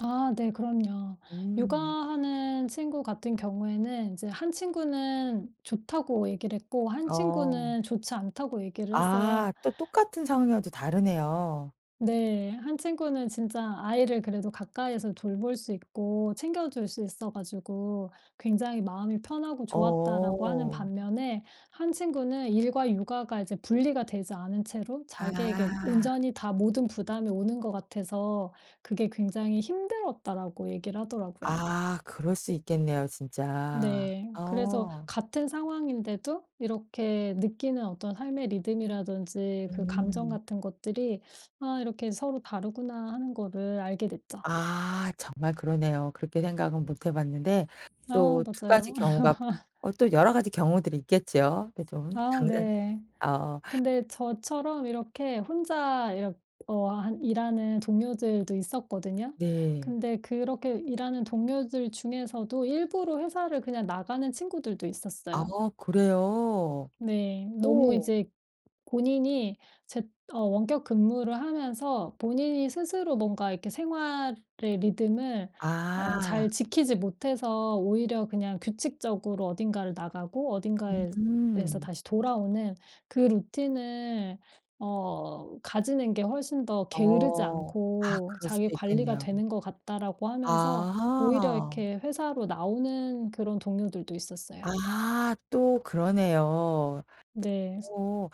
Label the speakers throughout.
Speaker 1: 아 네 그럼요.
Speaker 2: 음.
Speaker 1: 육아하는 친구 같은 경우에는 인제 한 친구는 좋다고 얘기를 했고 한
Speaker 2: 어.
Speaker 1: 친구는 좋지 않다고 얘기를 했어요.
Speaker 2: 아 또 똑같은 상황이어도 다르네요.
Speaker 1: 네. 한 친구는 진짜 "아이를 그래도 가까이에서 돌볼 수 있고 챙겨줄 수 있어 가지고 굉장히 마음이 편하고 좋았다."라고 하는
Speaker 2: 어.
Speaker 1: 반면에 한 친구는 "일과 육아가 이제 분리가 되지 않은 채로 자기에게
Speaker 2: 아.
Speaker 1: 온전히 다 모든 부담이 오는 것 같아서 그게 굉장히 힘들었다."라고 얘기를 하더라고요.
Speaker 2: 아 그럴 수 있겠네요, 진짜.
Speaker 1: 네. 그래서
Speaker 2: 어.
Speaker 1: 같은 상황인데도 이렇게 느끼는 어떤 삶의 리듬이라든지 그 감정
Speaker 2: 음.
Speaker 1: 같은 것들이 '아 이렇게 서로 다르구나.' 하는 거를 알게 됐죠.
Speaker 2: 아 정말 그러네요. 그렇게 생각은 못 해 봤는데,
Speaker 1: 아
Speaker 2: 또 2 가지
Speaker 1: 맞아요.
Speaker 2: 경우가 어 또 여러 가지 경우들이 있겠죠. 그래도
Speaker 1: 아
Speaker 2: 장단
Speaker 1: 네.
Speaker 2: 어.
Speaker 1: 근데 저처럼 이렇게 혼자 이렇 어 하 일하는 동료들도 있었거든요.
Speaker 2: 네.
Speaker 1: 근데 그렇게 일하는 동료들 중에서도 일부러 회사를 그냥 나가는 친구들도
Speaker 2: 아
Speaker 1: 있었어요.
Speaker 2: 그래요?
Speaker 1: 네. 너무
Speaker 2: 오.
Speaker 1: 이제 본인이 재 어 원격 근무를 하면서 본인이 스스로 뭔가 이렇게 생활의 리듬을 어
Speaker 2: 아.
Speaker 1: 잘 지키지 못해서 "오히려 그냥 규칙적으로 어딘가를 나가고 어딘가에 에서
Speaker 2: 음.
Speaker 1: 다시 돌아오는 그 루틴을 어 가지는 게 훨씬 더 게으르지
Speaker 2: 어. 아
Speaker 1: 않고
Speaker 2: 그럴 수도
Speaker 1: 자기 관리가
Speaker 2: 있겠네요.
Speaker 1: 되는 것 같다."라고 하면서 오히려
Speaker 2: 아.
Speaker 1: 이렇게 회사로 나오는 그런 동료들도 있었어요.
Speaker 2: 아 또 그러네요.
Speaker 1: 네.
Speaker 2: 어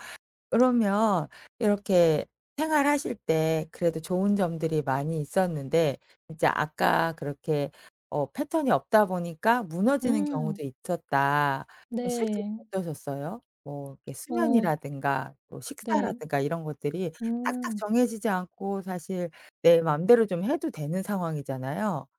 Speaker 2: 그러면 이렇게 생활하실 때 그래도 좋은 점들이 많이 있었는데 이제 아까 그렇게 어 패턴이 없다 보니까 무너지는
Speaker 1: 음.
Speaker 2: 경우도 있었다. 그럼 실제로는
Speaker 1: 네.
Speaker 2: 어떠셨어요? 뭐 이렇게
Speaker 1: 어.
Speaker 2: 수면이라든가 뭐
Speaker 1: 네.
Speaker 2: 식사라든가 이런 것들이 딱딱
Speaker 1: 음.
Speaker 2: 정해지지 않고 사실 내 마음대로 좀 해도 되는 상황이잖아요.